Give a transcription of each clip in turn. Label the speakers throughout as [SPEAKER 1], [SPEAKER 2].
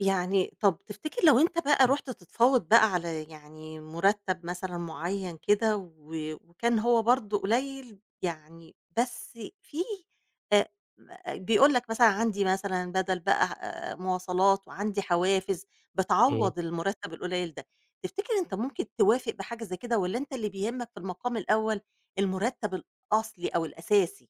[SPEAKER 1] يعني طَب تفتكر لو أنت بقى
[SPEAKER 2] امم.
[SPEAKER 1] رُحت تتفاوض بقى على يعني مرتب مثلًا معيّن كده، و وكان هو برضو قليل يعني بس فيه أ بيقول لَك مثلًا عندي مثلًا بدل بقى آآ مواصلات، وعندي حوافز
[SPEAKER 2] امم.
[SPEAKER 1] بتعوض المرتب القليل ده، تفتكر أنت ممكن توافق بحاجة زي كده والّا أنت اللي بيهمك في المقام الأول المرتب الأصلي أو الأساسي؟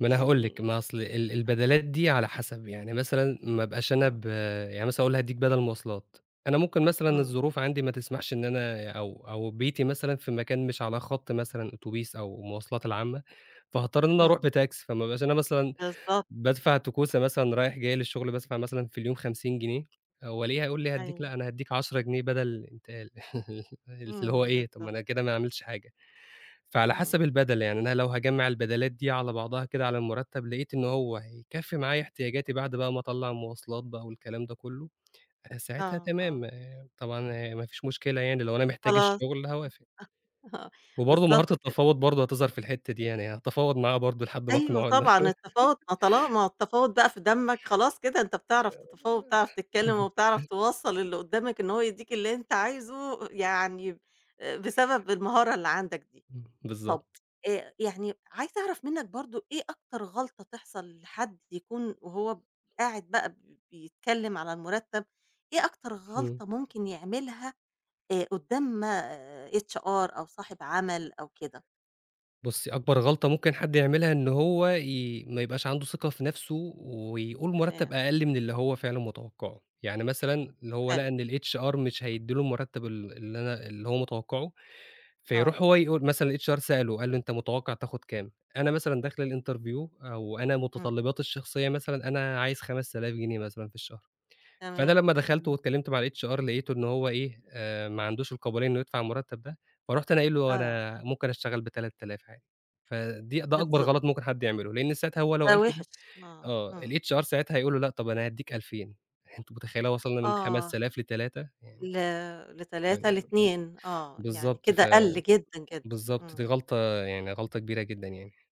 [SPEAKER 2] ما أنا هاقول لِك
[SPEAKER 1] يعني
[SPEAKER 2] ما أصل ال ال
[SPEAKER 1] آه.
[SPEAKER 2] البدلات دي على حسب يعني مثلًا ما أبقاش أنا
[SPEAKER 1] امم.
[SPEAKER 2] ب يعني مثلًا يقول لي هادِّيك بدل مواصلات، أنا ممكن مثلًا
[SPEAKER 1] امم.
[SPEAKER 2] الظروف عندي ما تسمحش إن أنا أو أو بيتي مثلًا في مكان مش على خط مثلًا أوتوبيس أو المواصلات العامة، فهاضطر إني أنا أروح
[SPEAKER 1] امم.
[SPEAKER 2] بتاكسي فما أبقاش أنا مثلًا
[SPEAKER 1] بالضبط
[SPEAKER 2] بادفع توكسة مثلًا رايح جاي للشغل بادفع مثلًا في اليوم 50 جنيه هو ليه هيقول لي هاديك
[SPEAKER 1] أيوه.
[SPEAKER 2] لأ، أنا هاديك 10 جنيه بَدَل انتقال اللي هو
[SPEAKER 1] امم
[SPEAKER 2] إيه طَب ما
[SPEAKER 1] بالضبط.
[SPEAKER 2] أنا كده ما عملتش حاجة، فعلى حسب
[SPEAKER 1] امم.
[SPEAKER 2] البَدَل يعني أنا لو هاجمع البَدَلات دي على بعضها كده على المرتب لقيت إن هو هيكفي معايا احتياجاتي بعد بقى ما أطلّع المواصلات بقى والكلام ده كله، ساعتها
[SPEAKER 1] آه آه.
[SPEAKER 2] تمام آآ طبعًا ما فيش مشكلة يعني لو أنا محتاج
[SPEAKER 1] خلاص
[SPEAKER 2] الشغل هاوافق.
[SPEAKER 1] آه
[SPEAKER 2] وبرضو مهارة
[SPEAKER 1] بالضبط كده.
[SPEAKER 2] التفاوض برضو هتظهر في الحتة دي يعني هتفاوض معاه برضو لحد ما
[SPEAKER 1] أيوه
[SPEAKER 2] أقنعه إن
[SPEAKER 1] طبعًا التفاوض، ما طالما ما هو التفاوض بقى في دمك خلاص كده أنت بتعرف تتفاوض، وبتعرف تتكلم، وبتعرف توصّل لللي قدّامك إن هو يدّيك اللي أنت عايزه يعني آآ بسبب المهارة اللي عندك دي.
[SPEAKER 2] امم
[SPEAKER 1] طَب
[SPEAKER 2] بالضبط.
[SPEAKER 1] أ يعني عايزة أعرف منك برضو إيه أكتر غلطة تحصل لحد يكون وهو ب قاعد بقى بيتكلم على المرتب، إيه أكتر
[SPEAKER 2] امم.
[SPEAKER 1] غلطة ممكن يعملها أ قدّام آآ HR أو صاحب عمل أو كده؟
[SPEAKER 2] بُصي أكبر غلطة ممكن حد يعملها إن هو ي ما يبقاش عنده ثقة في نفسه ويقول مرتب
[SPEAKER 1] تمام.
[SPEAKER 2] أقل من اللي هو فعلًا متوقعه، يعني مثلًا هو
[SPEAKER 1] حلو.
[SPEAKER 2] لقى إن الHR مش هيدِّي له المرتب ال اللي أنا اللي هو متوقعه
[SPEAKER 1] آه.
[SPEAKER 2] فيروح هو يقول مثلًا الHR سأله، قال له أنت متوقع تاخد كام؟ أنا مثلًا داخل الInterview آآ وأنا
[SPEAKER 1] امم.
[SPEAKER 2] متطلباتي الشخصية مثلًا أنا عايز 5000 جنيه مثلًا في الشهر، فأنا
[SPEAKER 1] تمام
[SPEAKER 2] لما دخلت
[SPEAKER 1] امم.
[SPEAKER 2] واتكلمت مع الHR لقيته إن هو إيه؟ آآ ما عندوش القابلية إنه يدفع المرتب ده، فرُحت أنا قايل له
[SPEAKER 1] آه.
[SPEAKER 2] أنا ممكن أشتغل ب3000 آلاف عادي. فدي ده أكبر
[SPEAKER 1] بالضبط.
[SPEAKER 2] غلط ممكن حد يعمله، لإن ساعتها هو لو
[SPEAKER 1] ده
[SPEAKER 2] قال كده
[SPEAKER 1] وِحِش آه
[SPEAKER 2] آه
[SPEAKER 1] آه.
[SPEAKER 2] الHR ساعتها هيقول له لأ طب أنا هاديك 2000 أنتِ متخيلة وصلنا من
[SPEAKER 1] آه.
[SPEAKER 2] 5000 ل3 يعني
[SPEAKER 1] ل
[SPEAKER 2] ف
[SPEAKER 1] ل3 ل2 آه يعني
[SPEAKER 2] بالضبط
[SPEAKER 1] كده
[SPEAKER 2] ف
[SPEAKER 1] قَل جدًا جدًا
[SPEAKER 2] بالضبط دي
[SPEAKER 1] امم.
[SPEAKER 2] غلطة يعني غلطة كبيرة جدًا يعني.